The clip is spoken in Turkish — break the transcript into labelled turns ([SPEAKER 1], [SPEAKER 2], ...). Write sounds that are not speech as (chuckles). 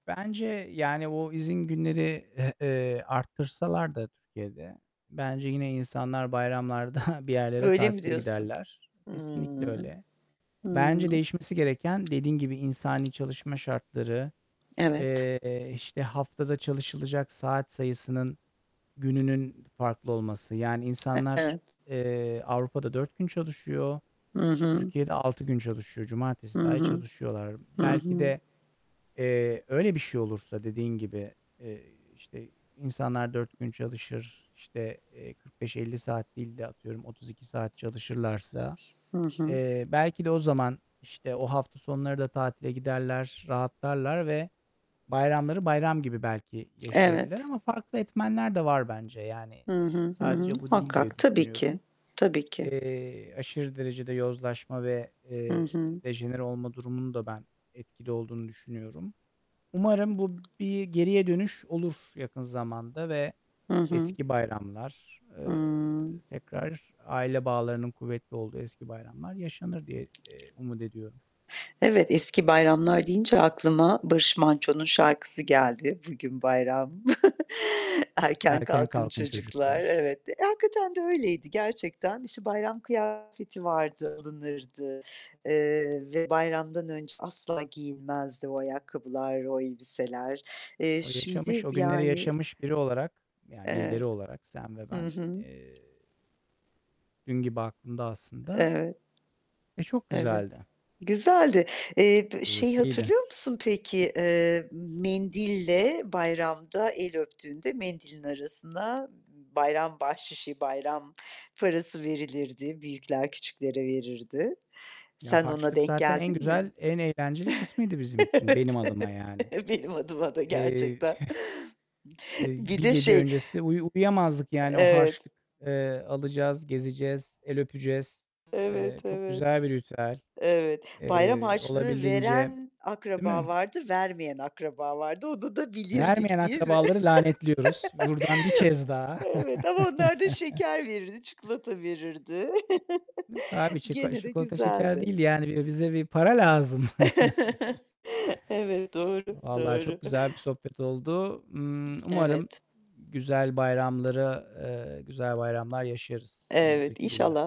[SPEAKER 1] Bence, yani, o izin günleri eh ııı, arttırsalar da Türkiye'de, bence yine insanlar bayramlarda (chuckles) bir yerlere
[SPEAKER 2] Öyle mi
[SPEAKER 1] tatile
[SPEAKER 2] diyorsun?
[SPEAKER 1] giderler. Kesinlikle
[SPEAKER 2] Hımm.
[SPEAKER 1] öyle. Bence
[SPEAKER 2] Hımm.
[SPEAKER 1] değişmesi gereken, dediğin gibi, insani çalışma şartları,
[SPEAKER 2] Evet.
[SPEAKER 1] eee, işte, haftada çalışılacak saat sayısının, gününün farklı olması. Yani,
[SPEAKER 2] E
[SPEAKER 1] insanlar,
[SPEAKER 2] evet.
[SPEAKER 1] eee, Avrupa'da 4 gün çalışıyor.
[SPEAKER 2] Hı hı.
[SPEAKER 1] Türkiye'de 6 gün çalışıyor.
[SPEAKER 2] Hı
[SPEAKER 1] Cumartesi dâhil
[SPEAKER 2] hı.
[SPEAKER 1] çalışıyorlar.
[SPEAKER 2] Hı
[SPEAKER 1] Belki
[SPEAKER 2] hı.
[SPEAKER 1] de, eee, öyle bir şey olursa dediğin gibi, iii, işte, insanlar 4 gün çalışır. İşte, eee, 45-50 saat değil de, atıyorum 32 saat çalışırlarsa,
[SPEAKER 2] Hı hı.
[SPEAKER 1] eee, belki de o zaman, işte, o hafta sonları da tatile giderler, rahatlarlar ve bayramları bayram gibi belki yaşayabilirler
[SPEAKER 2] Evet.
[SPEAKER 1] ama farklı etmenler de var bence. Yani,
[SPEAKER 2] Hı
[SPEAKER 1] iii,
[SPEAKER 2] hı. Hı hı.
[SPEAKER 1] sadece bu değil diye
[SPEAKER 2] Muhakkak. Tabii
[SPEAKER 1] düşünüyorum.
[SPEAKER 2] ki. Tabii ki.
[SPEAKER 1] Eee, aşırı derecede yozlaşma ve,
[SPEAKER 2] Hı
[SPEAKER 1] eee,
[SPEAKER 2] hı.
[SPEAKER 1] dejenere olma durumunun da ben etkili olduğunu düşünüyorum. Umarım bu bir geriye dönüş olur yakın zamanda ve
[SPEAKER 2] Hı hı.
[SPEAKER 1] eski bayramlar,
[SPEAKER 2] Hıı.
[SPEAKER 1] ııı, tekrar aile bağlarının kuvvetli olduğu eski bayramlar yaşanır diye, eee, umut ediyorum.
[SPEAKER 2] Evet, eski bayramlar deyince aklıma Barış Manço'nun şarkısı geldi. "Bugün bayram." (chuckles) "Erken
[SPEAKER 1] Erken
[SPEAKER 2] kalkın
[SPEAKER 1] kalkın
[SPEAKER 2] çocuklar."
[SPEAKER 1] çocuklar.
[SPEAKER 2] Evet. Hakikaten de öyleydi gerçekten. İşte, bayram kıyafeti vardı, alınırdı, ııı, ve bayramdan önce asla giyinmezdi o ayakkabılar, o elbiseler. Eee,
[SPEAKER 1] O yaşamış
[SPEAKER 2] şimdi,
[SPEAKER 1] o günleri
[SPEAKER 2] yani
[SPEAKER 1] yaşamış biri olarak, yani,
[SPEAKER 2] Eve
[SPEAKER 1] birileri olarak sen ve
[SPEAKER 2] Hı
[SPEAKER 1] ben,
[SPEAKER 2] hı.
[SPEAKER 1] eee, dün gibi aklımda aslında
[SPEAKER 2] Evet.
[SPEAKER 1] ve çok
[SPEAKER 2] Evet.
[SPEAKER 1] güzeldi.
[SPEAKER 2] Güzeldi. Eee, p şeyi
[SPEAKER 1] Keyifliydi.
[SPEAKER 2] hatırlıyor musun peki? Eee, mendille bayramda el öptüğünde mendilin arasına b b bayram bahşişi, bayram parası verilirdi, büyükler küçüklere verirdi.
[SPEAKER 1] Ya,
[SPEAKER 2] Sen ona
[SPEAKER 1] harçlık
[SPEAKER 2] denk
[SPEAKER 1] zaten en
[SPEAKER 2] geldin mi?
[SPEAKER 1] güzel, en eğlenceli kısmıydı bizim için, benim adıma
[SPEAKER 2] (chuckles)
[SPEAKER 1] yani.
[SPEAKER 2] Evet. Benim adıma da
[SPEAKER 1] Eee,
[SPEAKER 2] gerçekten.
[SPEAKER 1] (chuckles) eee,
[SPEAKER 2] Bir
[SPEAKER 1] bir
[SPEAKER 2] de
[SPEAKER 1] gece
[SPEAKER 2] şey
[SPEAKER 1] öncesi uyu uyuyamazdık. Yani o
[SPEAKER 2] Evet.
[SPEAKER 1] harçlık, ııı, alacağız, gezeceğiz, el öpeceğiz. Eee,
[SPEAKER 2] Evet,
[SPEAKER 1] çok
[SPEAKER 2] evet.
[SPEAKER 1] güzel bir ritüel,
[SPEAKER 2] Evet, bayram
[SPEAKER 1] eee,
[SPEAKER 2] harçlığı
[SPEAKER 1] olabildiğince,
[SPEAKER 2] veren
[SPEAKER 1] değil
[SPEAKER 2] akraba
[SPEAKER 1] mi?
[SPEAKER 2] vardı, vermeyen akraba vardı. Onu da
[SPEAKER 1] Vermeyen
[SPEAKER 2] bilirdik, değil mi?
[SPEAKER 1] akrabaları lanetliyoruz. Buradan 1
[SPEAKER 2] (chuckles)
[SPEAKER 1] kez daha.
[SPEAKER 2] Evet, ama onlar da şeker verirdi,
[SPEAKER 1] (chuckles)
[SPEAKER 2] çikolata verirdi.
[SPEAKER 1] Yok, abi
[SPEAKER 2] (chuckles)
[SPEAKER 1] şiko
[SPEAKER 2] Gene de
[SPEAKER 1] çikolata, şeker
[SPEAKER 2] güzeldi.
[SPEAKER 1] değil, yani bize bir para lazım. (chuckles)
[SPEAKER 2] (chuckles) Evet, doğru.
[SPEAKER 1] Vallahi çok
[SPEAKER 2] Doğru.
[SPEAKER 1] güzel bir sohbet oldu. Imm, umarım
[SPEAKER 2] Evet.
[SPEAKER 1] güzel bayramlara eee, güzel bayramlar yaşarız
[SPEAKER 2] Evet,
[SPEAKER 1] önümüzdeki
[SPEAKER 2] inşallah
[SPEAKER 1] günler